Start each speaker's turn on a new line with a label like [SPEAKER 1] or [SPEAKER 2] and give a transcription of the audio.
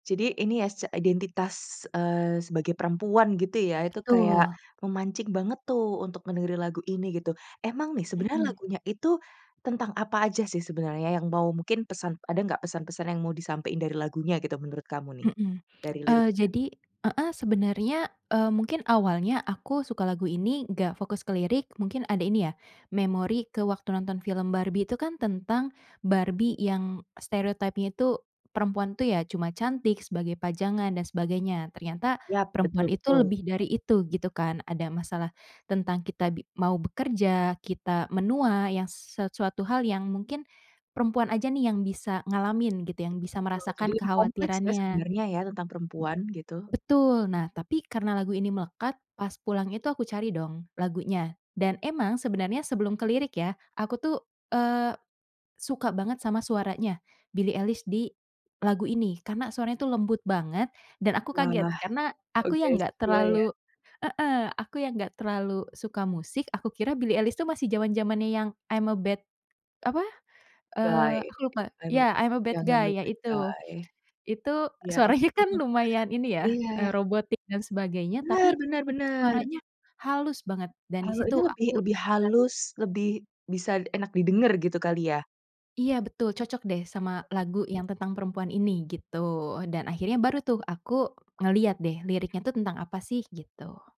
[SPEAKER 1] Jadi ini ya s identitas, eee, sebagai perempuan gitu ya itu kayak,
[SPEAKER 2] Betul.
[SPEAKER 1] memancing banget tuh untuk dengerin lagu ini gitu emang nih sebenernya
[SPEAKER 2] Mhm.
[SPEAKER 1] lagunya itu, tentang apa aja sih sebenarnya yang mau mungkin pesan ada nggak pesan-pesan yang mau disampein dari lagunya gitu menurut kamu nih?
[SPEAKER 2] Mhm,
[SPEAKER 1] Dari
[SPEAKER 2] eee,
[SPEAKER 1] liriknya.
[SPEAKER 2] jadi heeh, sebenernya, eee, mungkin awalnya aku suka lagu ini nggak fokus ke lirik mungkin ada ini ya, memori ke waktu nonton film Barbie itu kan tentang, Barbie yang stereotype-nya itu, perempuan tuh ya cuma cantik sebagai pajangan dan sebagainya, ternyata
[SPEAKER 1] Iya betul
[SPEAKER 2] perempuan itu
[SPEAKER 1] betul.
[SPEAKER 2] lebih dari itu gitu kan ada masalah, tentang kita bi mau bekerja, kita menua yang s sesuatu hal yang mungkin, perempuan aja nih yang bisa ngalamin gitu yang bisa
[SPEAKER 1] Betul jadi
[SPEAKER 2] merasakan
[SPEAKER 1] lebih kompleks ya
[SPEAKER 2] kekhawatirannya. M
[SPEAKER 1] sebenarnya ya tentang perempuan gitu.
[SPEAKER 2] betul nah tapi karena lagu ini melekat pas pulang itu aku cari dong lagunya, dan emang sebenarnya sebelum ke lirik ya aku tuh, eee, suka banget sama suaranya Billie Eilish di, lagu ini karena suaranya itu lembut banget dan aku kaget
[SPEAKER 1] Wah,
[SPEAKER 2] karena aku
[SPEAKER 1] oke
[SPEAKER 2] yang enggak
[SPEAKER 1] sesuai ya.
[SPEAKER 2] terlalu heeh, aku yang enggak terlalu suka musik aku kira Billie Eilish tuh masih zaman-zamannya yang "I'm a Bad," apa,
[SPEAKER 1] Guy
[SPEAKER 2] eee, aku lupa
[SPEAKER 1] nah inu
[SPEAKER 2] iya "I'm a Bad
[SPEAKER 1] yang I'm a
[SPEAKER 2] Guy" ya
[SPEAKER 1] Bad
[SPEAKER 2] itu,
[SPEAKER 1] Guy,
[SPEAKER 2] itu
[SPEAKER 1] ya
[SPEAKER 2] suaranya kan
[SPEAKER 1] ampun,
[SPEAKER 2] lumayan ini ya,
[SPEAKER 1] iya.
[SPEAKER 2] eee, robotik dan sebagainya
[SPEAKER 1] Benar
[SPEAKER 2] tapi,
[SPEAKER 1] benar
[SPEAKER 2] itu
[SPEAKER 1] benar.
[SPEAKER 2] suaranya halus banget dan di
[SPEAKER 1] Eee,
[SPEAKER 2] situ
[SPEAKER 1] ini lebih
[SPEAKER 2] aku
[SPEAKER 1] lebih
[SPEAKER 2] tertarik.
[SPEAKER 1] halus, lebih bisa enak didengar gitu kali ya?
[SPEAKER 2] Iya betul cocok deh sama lagu yang tentang perempuan ini gitu dan akhirnya baru tuh aku ngelihat deh liriknya tuh tentang apa sih gitu.